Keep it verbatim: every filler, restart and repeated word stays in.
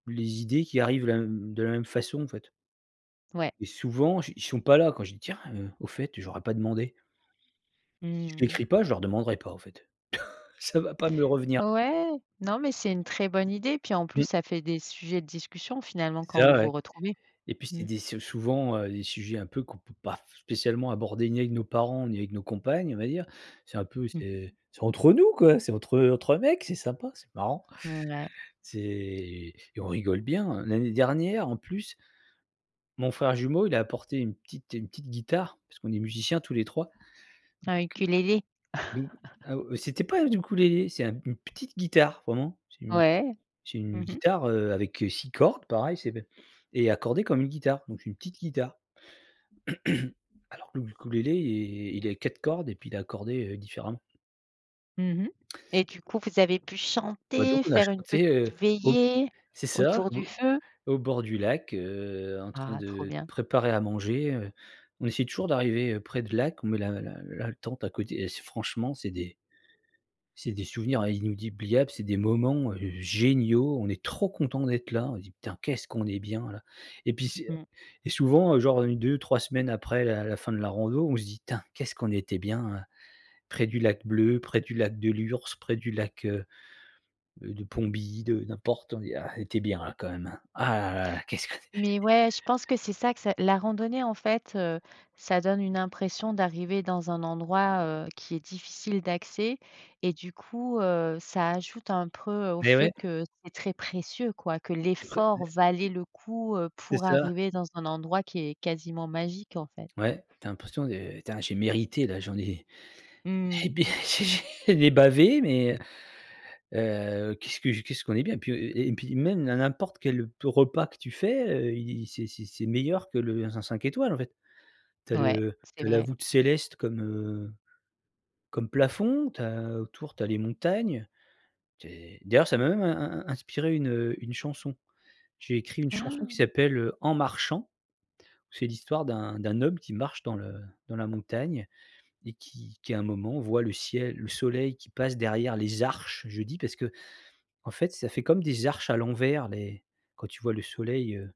Les idées qui arrivent la m de la même façon en fait Ouais. et souvent ch ils sont pas là quand vais me dire: «Ah, heu, au fait, heu, j'aurais pas demandé» Mmh Je mh. l'écris pas je leur demanderai pas en fait. Ça va pas me revenir. Ouais, non mais c'est une très bonne idée. Puis en plus, Mmh. ça fait des sujets de discussion finalement C'est quand ça vous ouais, vous retrouvez, et puis c'est mmh. des sou souvent, heu, des sujets un peu qu'on peut pas f spécialement aborder ni avec nos parents ni avec nos compagnes on va dire. C'est un peu Mmh mh. c'est entre nous quoi, c'est entre, heu, entre mec, c'est sympa, c'est marrant. Mouais. C'est, on rigole bien, heu, l'année dernière en plus mon frère jumeau il a apporté une petite une petite guitare parce qu'on est musiciens tous les trois, Un ukulélé. donc heu d'où ah au c'était pas un ukulélé c'est un une petite guitare vraiment. C'est une Ouais, c'est une mmh mh. guitare, heu, avec, heu, six cordes pareil c'est be et accordée comme une guitare donc une petite guitare. Alors le ukulélé il est il est quatre cordes et puis il est accordé, heu, différemment. Mmh mh, et du coup vous avez pu Bah donc chanter, on a faire une petite chanté, heu, au b veillée c'est ça autour du au feu? au bord du lac, heu, en train Ah! Trop de bien. préparer à manger, heu, on essaie toujours d'arriver, heu, près de lac, met la la la tente à côté. Et c'est franchement c'est des c'est des souvenirs inoudibliables, c'est des moments, heu, géniaux. On est trop content d'être là. On dit: «Putain, qu'est-ce qu'on est bien là», et puis c'est, heu Mmh. et souvent, heu, genre une-deux-trois semaines après la la fin de la rando, on se dit: «Putain, qu'est-ce qu'on était bien là», près du lac bleu, près du lac de Lhurs, près du lac, heu, de Pomby, de n'importe, on dit: «Ah on était bien là quand même hein. Ah là là, qu'est ce qu'on et» Mais ouais, je pense que c'est ça que ça la randonnée en fait, heu, ça donne une impression d'arriver dans un endroit, heu, qui est difficile d'accès et du coup, heu, ça ajoute un preux au Et fait ouais. que c'est très précieux quoi. Que Tu pré mais l'effort valait le coup, heu, C'est pour ça. arriver dans un endroit qui est quasiment magique en fait. Ouais, tu as l'impression de «Putain j'ai mérité là, j'en ai Mmh et mh. beh j'ai j'ai j'en ai bavé mais heu, qu'est-ce que je qu'est-ce qu'on est bien» puis, heu, et et puis même na n'importe quel te repas que tu fais, heu, il c'est c'est c'est meilleur que le dans un cinq étoiles en fait. Tu as Ouais, le c'est tu as la vrai. voûte céleste comme, heu, comme plafond. Tu as autour tu as les montagnes. Tu es d'ailleurs ça m'a même, in in in inspiré une, heu, une chanson. J'ai écrit une chanson qui s'appelle, heu, En marchant. C'est l'histoire d'un d'un homme qui marche dans le dans la montagne et qui qui à un moment, voit le ciel le soleil qui passe derrière les arches, je dis, parce que, en fait, ça fait comme des arches à l'envers les quand tu vois le soleil, heu